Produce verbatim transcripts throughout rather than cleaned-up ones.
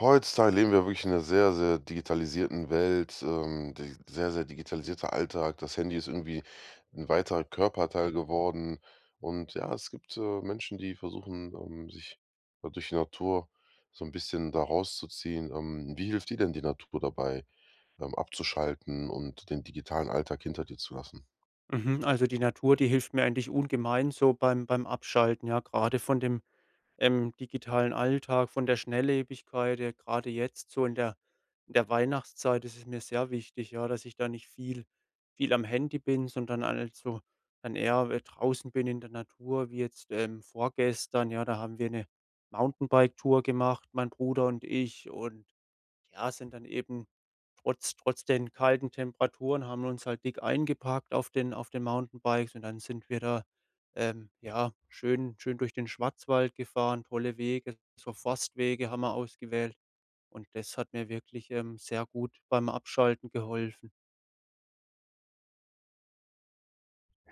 Heutzutage leben wir wirklich in 'ner sehr, sehr digitalisierten Welt. Ähm. D sehr, sehr digitalisierter Alltag. Das Handy ist irgendwie 'n weiterer Körperteil geworden. Und ja, es gibt, äh, Menschen, die versuchen, ähm, sich da durch die Natur so 'n bisschen da rauszuziehen. Ähm. Wie hilft dir denn die Natur dabei? Beim Abzuschalten und den digitalen Alltag hinter dir zu lassen? Mhm. Also die Natur, die hilft mir eigentlich ungemein so beim beim Abschalten, ja? Grade von dem, ähm, digitalen Alltag, von der Schnelllebigkeit, ja, grade jetzt so in der in der Weihnachtszeit ist es mir sehr wichtig, ja? Dass ich da nicht viel viel am Handy bin, sondern halt so dann eher draußen bin in der Natur wie jetzt, ähm, vorgestern, ja? Da haben wir 'ne Mountainbike-Tour gemacht, mein Bruder und ich, und, ja, sind dann eben trotz trotz den kalten Temperaturen haben wir uns halt dick eingepackt auf den auf den Mountainbikes und dann sind wir da, äh, ja, schön schön durch den Schwarzwald gefahren, tolle Wege. So Forstwege haben wir ausgewählt. Und das hat mir wirklich, ähm, sehr gut beim Abschalten geholfen.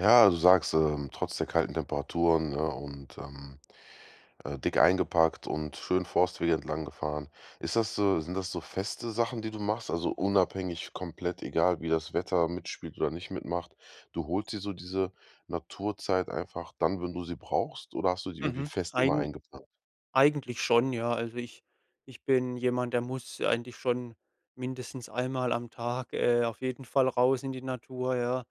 Ja, du sagst, ähm, trotz der kalten Temperaturen, ne, und, ähm, äh, dick eingepackt und schön Forstwege entlang gefahren. Ist das so sind das so feste Sachen, die du machst, also unabhängig komplett egal, wie das Wetter mitspielt oder nicht mitmacht? Du holst dir so diese Naturzeit einfach dann, wenn du sie brauchst oder hast du die irgendwie Mhm. fest immer Eigen eingeplant? eigentlich schon, ja. Also, ich ich bin jemand, der muss eigentlich schon mindestens einmal am Tag, äh, auf jeden Fall raus in die Natur, ja.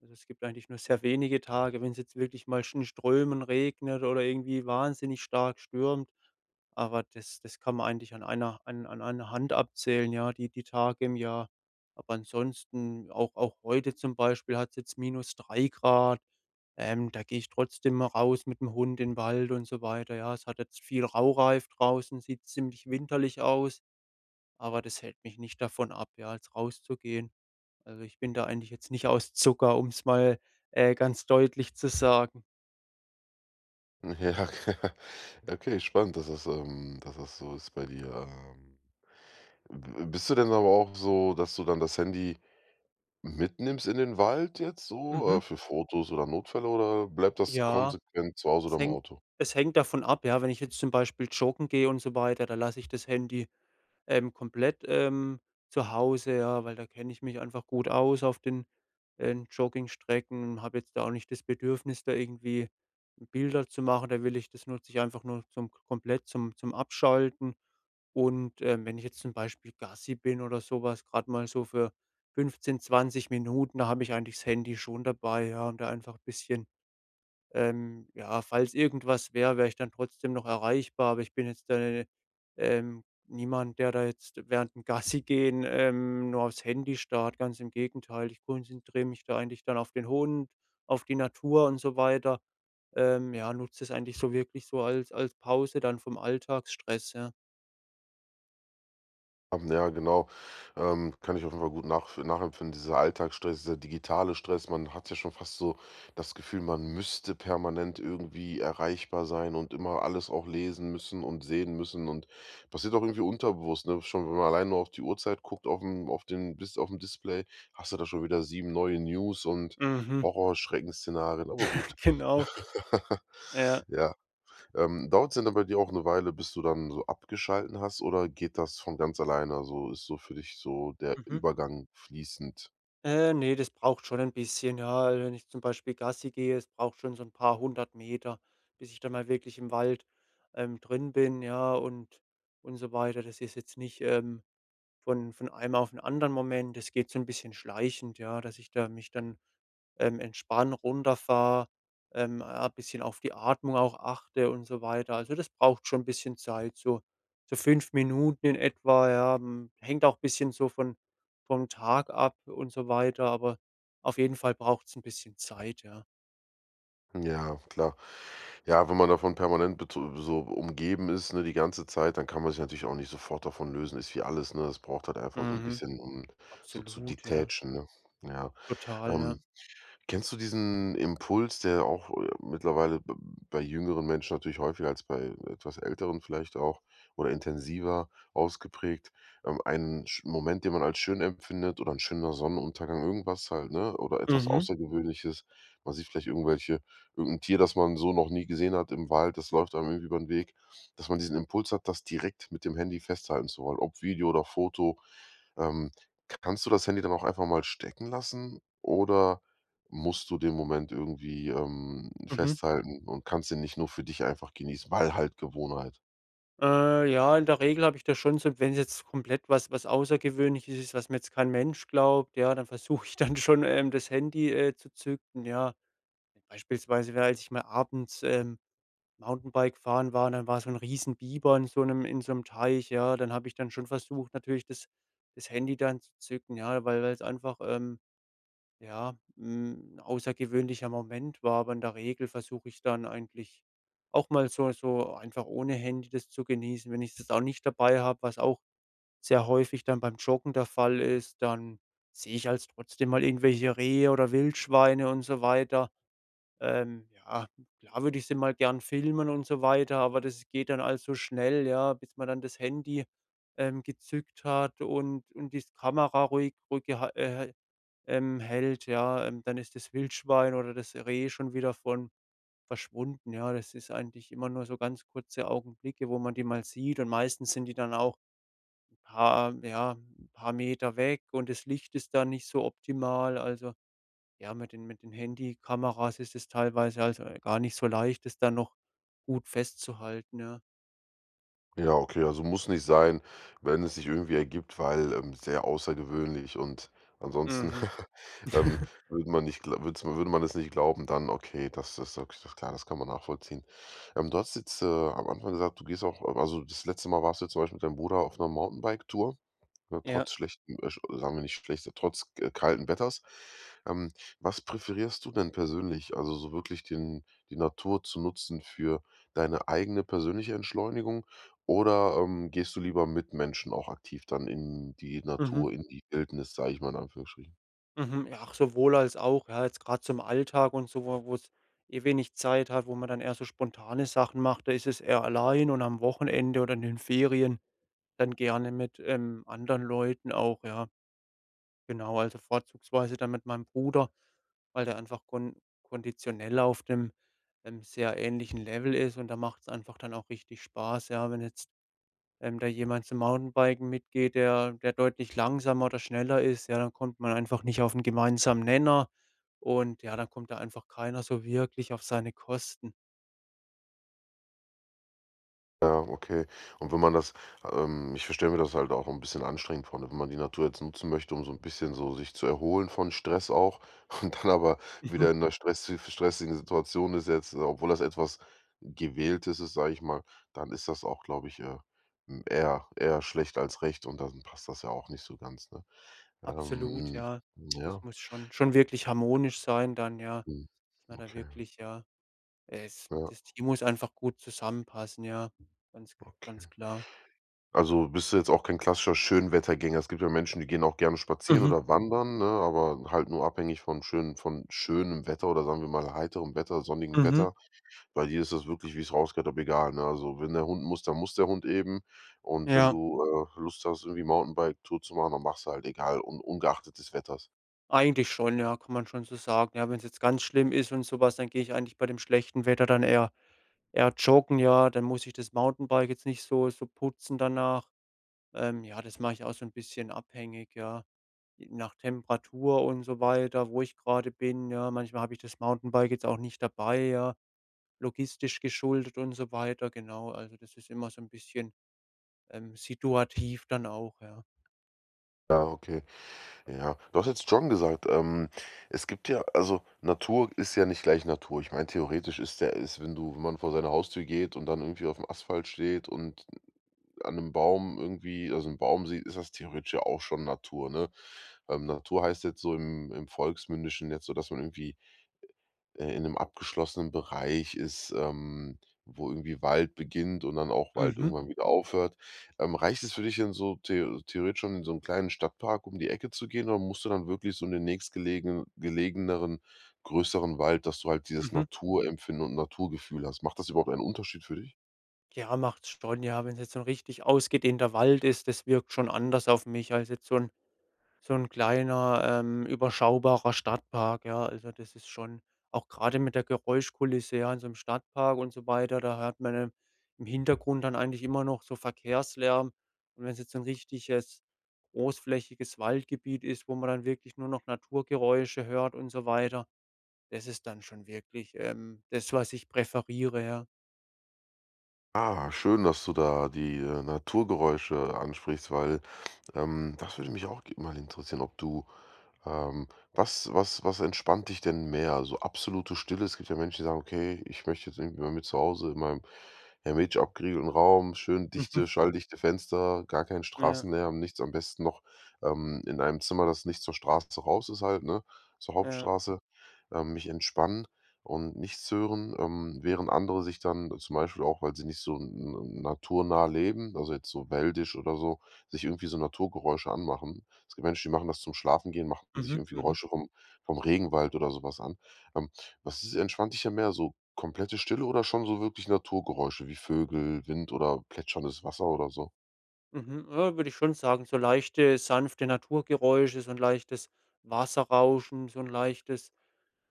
Also, es gibt eigentlich nur sehr wenige Tage wenn's jetzt wirklich mal schnö in Strömen regnet oder irgendwie wahnsinnig stark stürmt. Aber das das kann man eigentlich an einer an einer Hand abzählen, ja, die die Tage im Jahr. Aber ansonsten auch auch heute zum Beispiel hat's jetzt minus drei Grad. Ähm, da gehe ich trotzdem raus mit 'm Hund in Wald und so weiter, ja. Es hat jetzt viel Raureif draußen, sieht ziemlich winterlich aus, aber das hält mich nicht davon ab, ja, jetzt rauszugehen. Also, ich bin da eigentlich jetzt nicht aus Zucker, um's mal, äh, ganz deutlich zu sagen. Ja. Okay, spannend, dass das, ähm dass das so ist bei dir, ähm. Bi bi bist du denn aber auch so, dass du dann das Handy mitnimmst in den Wald jetzt so, Mhm. äh, für Fotos oder Notfälle oder bleibt das Ja. konsequent zu Hause oder Es im hängt Auto? es hängt davon ab, ja, wenn ich jetzt zum Beispiel joggen gehe und so weiter, da lasse ich das Handy, ähm, komplett, ähm, zu Hause, ja, weil da kenne ich mich einfach gut aus auf den, ähm, Joggingstrecken. Habe jetzt da auch nicht das Bedürfnis, da irgendwie Bilder zu machen, da will ich das nutze ich einfach nur zum komplett zum zum Abschalten. Und, ähm, wenn ich jetzt zum Beispiel Gassi bin oder so was, gerade mal so für fünfzehn, zwanzig Minuten, da habe ich eigentlich das Handy schon dabei, ja, und da einfach bisschen ähm, ja, falls irgendwas wäre, wäre ich dann trotzdem noch erreichbar, aber ich bin jetzt [unintelligible] ähm, niemand, der da jetzt während dem Gassigehen ähm, nur auf's Handy starrt, ganz im Gegenteil. Ich konzentriere mich da eigentlich dann auf den Hund, auf die Natur und so weiter. Ähm, ja, nutze das eigentlich so wirklich so als als Pause dann vom Alltagsstress, ja. Haben, ja, genau ähm, kann ich offenbar gut nachv nachempfinden. Dieser Alltagsstress, der digitale Stress. Man hat ja schon fast so das Gefühl, man müsste permanent irgendwie erreichbar sein und immer alles auch lesen müssen und sehen müssen. Und passiert auch irgendwie unterbewusst, ne? Schon wenn man alleine nur auf die Uhrzeit guckt aufm auf den Dis aufm Display, hast du da schon wieder sieben neue News und Mhm. Horrorschrecken-Szenarien, aber gut. Genau. Ja. Ja. Ähm, dauert's denn aber bei dir auch 'ne Weile, bis du dann so abgeschalten hast, oder geht das von ganz alleine, also ist so für dich so der Mhm. Übergang fließend? Äh, ne, das braucht schon ein bisschen, ja, wenn ich zum Beispiel Gassi gehe, es braucht schon so 'n paar hundert Meter, bis ich da mal wirklich im Wald, ähm, drin bin, ja und und so weiter. Das ist jetzt nicht, ähm, von von einem auf 'n anderen Moment. Das geht so 'n bisschen schleichend, ja, dass ich da mich dann, ähm, entspanne, runterfahre, ähm, a bisschen auf die Atmung auch achte und so weiter. Also, das braucht schon 'n bisschen Zeit, so so fünf Minuten in etwa, ja. Hm, hängt auch bisschen so von vom Tag ab und so weiter, aber auf jeden Fall braucht's 'n bisschen Zeit, ja. Ja, klar. Ja, wenn man davon permanent bet so so, umgeben ist, ne? Die ganze Zeit. Dann kann man sich natürlich auch nicht sofort davon lösen. Ist wie alles, ne? Das braucht halt einfach so 'n Mhm. bisschen um so zu Absolut, ja. detachen ne? Ja. Total, Hm. ja. Kennst du diesen Impuls, der auch, äh, mittlerweile, b bei jüngeren Menschen natürlich häufiger als bei etwas Älteren vielleicht auch oder intensiver ausgeprägt. Ähm, ein sch Moment, den man halt schön empfindet oder 'n schöner Sonnenuntergang, irgendwas halt, ne? Oder etwas Mhm. Außergewöhnliches, weiß nicht, vielleicht irgendwelche irgend 'n Tier das man so noch nie gesehen hat im Wald, das läuft einem ü übern Weg. Dass man diesen Impuls hat das direkt mit dem Handy festhalten zu wollen, ob Video oder Foto. Ähm, k kannst du das Handy dann auch einfach mal stecken lassen? Oder musst du den Moment irgendwie, ähm, Mhm. festhalten und kannst ihn nicht nur für dich einfach genießen? Weil halt Gewohnheit? Äh, ja, in der Regel habe ich das schon so. Wenn's komplett was was Außergewöhnliches ist, was mir jetzt kein Mensch glaubt, ja, dann versuche ich dann schon, ähm, das Handy, äh, zu zücken, ja. Beispielsweise wärend ich mal abends, ähm, Mountainbike fahren war, dann war so 'n Riesen Bieber in so 'nem in so 'nem Teich, ja? Dann habe ich dann schon versucht, natürlich das das Handy dann zu zücken, ja? Weil weil's einfach, ähm, ja, hm, 'n außergewöhnlicher Moment war, aber in der Regel versuche ich dann eigentlich auch mal so so einfach ohne Handy das zu genießen. Wenn ich das auch nicht dabei habe, was auch sehr häufig dann beim Joggen der Fall ist, dann sehe ich also trotzdem mal irgendwelche Rehe oder Wildschweine und so weiter. Ähm, ja, klar würde ich sie mal gern filmen und so weiter, aber das geht dann alles so schnell, ja, bis man dann das Handy, ähm, gezückt hat und und die Kamera ruhig ruhig geha äh, ähm, hält, ja. Ähm, dann ist das Wildschwein oder das Reh schon wieder von verschwunden, ja. Das ist eigentlich immer nur so ganz kurze Augenblicke, wo man die mal sieht und meistens sind die dann auch 'n paar ja, 'n paar Meter weg und das Licht ist dann nicht so optimal. Also, ja, mit den mit den Handykameras ist es teilweise also gar nicht so leicht, das da noch gut festzuhalten, ja? Ja, okay, also muss nicht sein, wenn es sich irgendwie ergibt, weil, ähm, sehr außergewöhnlich und ansonsten, Mhm. ähm, würde man nicht gl würd 's man würde man es nicht glauben dann, okay, das das sage ich klar, das kann man nachvollziehen. Ähm, du hast jetzt, äh, am Anfang gesagt, du gehst auch a also das letzte Mal warst du jetzt zum Beispiel mit deinem Bruder auf 'ner Mountainbike-Tour, Ja. trotz schlechtem äh, sagen wir nicht schlechtes trotz, äh, kalten Wetters. Ähm, was präferierst du denn persönlich? Also so wirklich den die Natur zu nutzen für deine eigene persönliche Entschleunigung oder, ähm, gehst du lieber mit Menschen auch aktiv dann in die Mhm. Natur, in die Wildnis, sage ich mal, in Anführungsstrichen? Mhm. Ja, ach, sowohl als auch, ja, jetzt grad zum Alltag und so wo wo's eh wenig Zeit hat, wo man dann eher so spontane Sachen macht. Da ist es eher allein und am Wochenende oder in den Ferien dann gerne mit, ähm, anderen Leuten auch, ja. Genau, also vorzugsweise dann mit meinem Bruder, weil der einfach kon konditionell auf dem, ähm, sehr ähnlichen Level ist und dann macht's einfach dann auch richtig Spaß, ja, wenn jetzt, ähm, da jemand zum Mountainbiken mitgeht, der der deutlich langsamer oder schneller ist, ja, dann kommt man einfach nicht auf 'n gemeinsamen Nenner und ja, dann kommt da einfach keiner so wirklich auf seine Kosten. Ja, okay. Und wenn man das ähm, ich verstelle mir das halt auch 'n bisschen anstrengend vor, ne, wenn man die Natur jetzt nutzen möchte, um so 'n bisschen so sich zu erholen von Stress auch und dann aber Mhm. wieder in 'ner stressi stressigen Situation ist jetzt, obwohl das etwas gewähltes ist, sage ich mal. Dann ist das auch, glaube ich, äh, m eher eher schlechter als recht. Und dann passt das ja auch nicht so ganz, ne? Absolut, Ähm, ja. Das ja. muss schon schon wirklich harmonisch sein dann, ja? Mhm. Dass man da okay. wirklich, ja es Ja. das Team muss einfach gut zusammenpassen, ja. Ganz Okay. ganz klar. Also, bist du jetzt auch kein klassischer Schönwettergänger? Es gibt ja Menschen, die gehen auch gerne spazieren Mhm. oder wandern, ne, aber halt nur abhängig von schön von schönem Wetter oder sagen wir mal heiterem Wetter, sonnigen Mhm. Wetter. Bei dir ist das wirklich, wie ich's rausgehört hab, egal, ne? Also, wenn der Hund muss, dann muss der Hund eben. Und wenn Ja. du, äh, Lust hast irgendwie Mountainbike-Tour zu machen, dann machst du halt egal un ungeachtet des Wetters? Eigentlich schon, ja, kann man schon so sagen. Ja, wenn's jetzt ganz schlimm ist und so was, dann gehe ich eigentlich bei dem schlechten Wetter dann eher eher joggen, ja. Dann muss ich das Mountainbike jetzt nicht so so putzen danach. Ähm ja, das mach ich auch so 'n bisschen abhängig, ja? J nach Temperatur und so weiter, wo ich grade bin, ja? Manchmal hab ich das Mountainbike jetzt auch nicht dabei, ja? Logistisch geschuldet und so weiter, genau. Also das ist immer so 'n bisschen, ähm, situativ dann auch, ja. Ja, okay. Ja, du hast jetzt schon gesagt, ähm, es gibt ja also Natur ist ja nicht gleich Natur. Ich meine, theoretisch ist der ist wenn du wenn man vor seiner Haustür geht und dann irgendwie aufm Asphalt steht und an 'nem Baum irgendwie also 'n Baum sieht, ist das theoretisch ja auch schon Natur, ne? Ähm, Natur heißt jetzt so im im Volksmündischen jetzt, so dass man irgendwie, äh, in 'nem abgeschlossenen Bereich ist, ähm, wo irgendwie Wald beginnt und dann auch Wald Mhm. irgendwann wieder aufhört. Ähm, reicht es für dich denn so theo theoretisch schon in so 'm kleinen Stadtpark um die Ecke zu gehen oder musst du dann wirklich so in den nächstgelegenen gelegeneren, größeren Wald, dass du halt dieses Mhm. Naturempfinden und Naturgefühl hast? Macht das überhaupt einen Unterschied für dich? Ja, macht's schon, ja. Wenn's jetzt so 'n richtig ausgedehnter Wald ist, das wirkt schon anders auf mich, als jetzt so 'n so 'n kleiner, ähm, überschaubarer Stadtpark, ja. Also, das ist schon auch grade mit der Geräuschkulisse, ja, in so 'nem Stadtpark und so weiter, da hört man dann im Hintergrund dann eigentlich immer noch so Verkehrslärm. Und wenn's jetzt so 'n richtiges, großflächiges Waldgebiet ist, wo man dann wirklich nur noch Naturgeräusche hört und so weiter, das ist dann schon wirklich, ähm, das, was ich präferiere, ja. Ah, schön, dass du da die, äh, Naturgeräusche ansprichst, weil, ähm, das würde mich auch g mal interessieren, ob du ähm, was was was entspannt dich denn mehr? So absolute Stille? Es gibt ja Menschen, die sagen: „Okay, ich möchte jetzt irgendwie bei mir zu Hause in meinem ja, mit abgeriegelten Raum, schön dichte, Mhm. schalldichte Fenster, gar kein Ja. Straßenlärm, nichts am besten noch, ähm, in einem Zimmer, das nicht zur Straße raus ist halt, ne, zur Ja. Hauptstraße, ähm, mich entspannen und nichts hören,“ ähm, während andere sich dann zum Beispiel auch, weil sie nicht so n n naturnah leben, also jetzt so wäldisch oder so, sich irgendwie so Naturgeräusche anmachen. Es gibt Menschen, die machen das zum Schlafengehen, machen sich Mhm, irgendwie mhm. Geräusche vom vom Regenwald oder so was an. Ähm, was ist entspannt dich denn mehr, so komplette Stille oder schon so wirklich Naturgeräusche wie Vögel, Wind oder plätscherndes Wasser oder so? Mhm, äh, würde ich schon sagen, so leichte sanfte Naturgeräusche, so 'n leichtes Wasserrauschen, so 'n leichtes,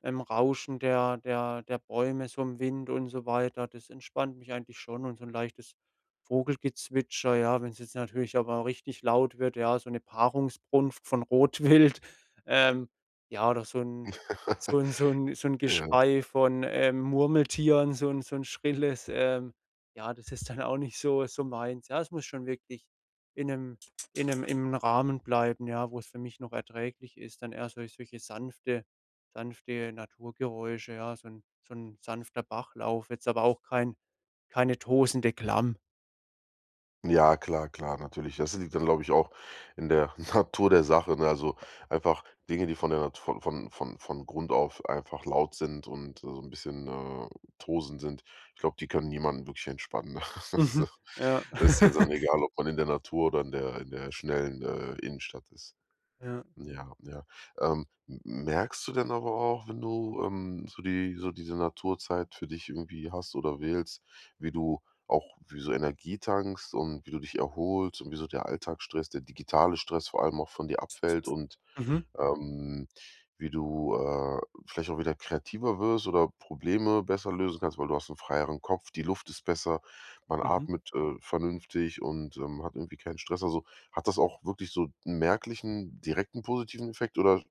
ähm, Rauschen der der der Bäume, so im Wind und so weiter. Das entspannt mich eigentlich schon und so 'n leichtes Vogelgezwitscher, ja, wenn's jetzt natürlich aber richtig laut wird, ja, so ne Paarungsbrunft von Rotwild, ähm, ja, oder so 'n so 'n so 'n so 'n Ja. Geschrei von, ähm, Murmeltieren, so 'n so 'n schrilles, ähm, ja, das ist dann auch nicht so so meins. Ja, es muss schon wirklich in 'nem in 'nem im Rahmen bleiben, ja, wo's für mich noch erträglich ist, dann eher sol solche sanfte sanfte Naturgeräusche, ja, so 'n so 'n sanfter Bachlauf, jetzt aber auch kein keine tosende Klamm. Ja klar, klar natürlich. Das liegt dann, glaube ich auch, in der Natur der Sache. Ne also, einfach Dinge, die von der Nat von von von von Grund auf einfach laut sind und so 'n bisschen, äh, tosend sind. Ich glaube, die können niemanden wirklich entspannen. Also, Mhm. Ja. ist ja dann egal, ob man in der Natur oder in der in der schnellen, äh, Innenstadt ist. Ja. Ja, ja. Ähm, m merkst du denn aber auch, wenn du, ähm, so die so diese Naturzeit für dich irgendwie hast oder wählst, wie du auch wie so Energie tankst und wie du dich erholst und wie so der Alltagsstress, der digitale Stress vor allem auch von dir abfällt und, Mhm. ähm, wie du, äh, vielleicht auch wieder kreativer wirst oder Probleme besser lösen kannst, weil du hast 'n freieren Kopf, die Luft ist besser, man Mhm. atmet, äh, vernünftig und, ähm, hat irgendwie keinen Stress? Also, hat das auch wirklich so 'n merklichen direkten positiven Effekt oder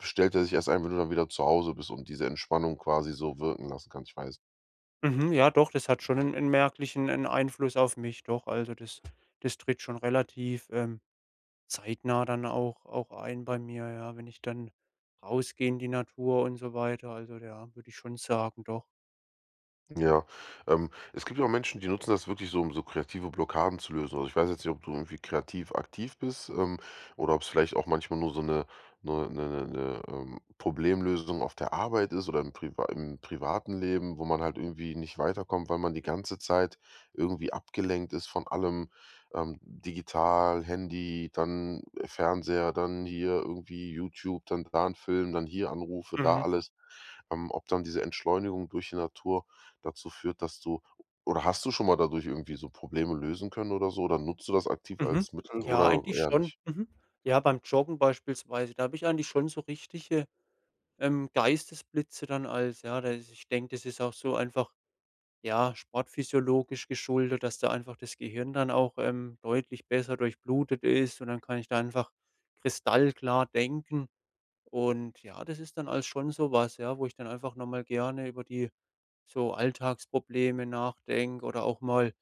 stellt der sich erst ein, wenn du dann wieder zu Hause bist und diese Entspannung quasi so wirken lassen kannst? Ich weiß Mhm, ja doch, das hat schon 'n 'n merklichen 'n Einfluss auf mich, doch. Also das das tritt schon relativ, ähm, zeitnah dann auch auch ein bei mir, ja. Wenn ich dann rausgehe in die Natur und so weiter, also ja, würde ich schon sagen, doch. Ja. Ähm, es gibt ja auch Menschen, die nutzen das wirklich so, um so kreative Blockaden zu lösen. Also, ich weiß jetzt nicht, ob du irgendwie kreativ aktiv bist, ähm, oder ob's vielleicht auch manchmal nur so 'ne 'ne 'ne 'ne, ähm, Problemlösung auf der Arbeit ist oder im priva im privaten Leben, wo man halt irgendwie nicht weiterkommt, weil man die ganze Zeit irgendwie abgelenkt ist von allem, ähm, digital, Handy, dann Fernseher, dann hier irgendwie YouTube, dann da 'n Film, dann hier Anrufe, da Mhm. alles. Ähm, ob dann diese Entschleunigung durch die Natur dazu führt, dass du oder hast du schon mal dadurch irgendwie so Probleme lösen können oder so? Oder nutzt du das aktiv Mhm. als Mittel Ja, oder eigentlich eher schon. nicht? Mhm. Ja, beim Joggen beispielsweise, da habe ich eigentlich schon so richtige, ähm, Geistesblitze dann als, ja dass ich denke, das ist auch so einfach, ja, sportphysiologisch geschuldet, dass da einfach das Gehirn dann auch, ähm, deutlich besser durchblutet ist und dann kann ich da einfach kristallklar denken. Und ja, das ist dann alles schon so was, ja, wo ich dann einfach noch mal gerne über die so Alltagsprobleme nachdenke oder auch mal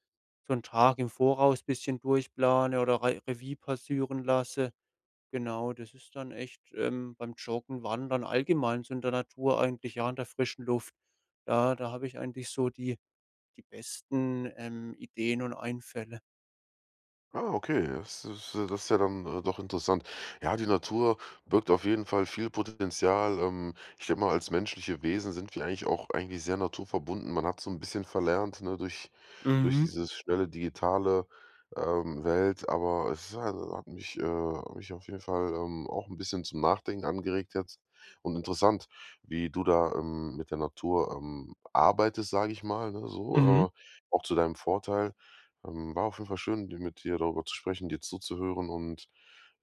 so 'n Tag im Voraus bisschen durchplane oder Re Revie passüren lasse. Genau, das ist dann echt, ähm, beim Joggen, Wandern, allgemein so in der Natur, eigentlich ja an der frischen Luft. Da da habe ich eigentlich so die die besten, ähm, Ideen und Einfälle. Ah, okay. Das ist das ist ja dann doch interessant. Ja, die Natur birgt auf jeden Fall viel Potenzial. Ähm, ich denke mal als menschliche Wesen sind wir eigentlich auch eigentlich sehr naturverbunden. Man hat so 'n bisschen verlernt, ne, durch durch Mhm. dieses schnelle, digitale, ähm, Welt, aber es hat mich, äh hat mich auf jeden Fall, ähm, auch 'n bisschen zum Nachdenken angeregt jetzt. Und interessant, wie du da, ähm, mit der Natur, ähm, arbeitest, sage ich mal, ne? So, Mhm. äh, auch zu deinem Vorteil. Ähm, war auf jeden Fall schön, dir mit dir darüber zu sprechen, dir zuzuhören. Und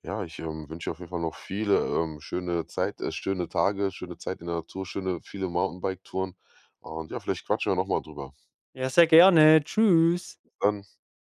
ja, ich, ähm, wünsch dir auf jeden Fall noch viele ähm, schöne Zeit, äh, schöne Tage, schöne Zeit in der Natur, schöne viele Mountainbiketouren. Und ja, vielleicht quatschen wir noch mal drüber. Ja, sehr gerne. Tschüss. Dann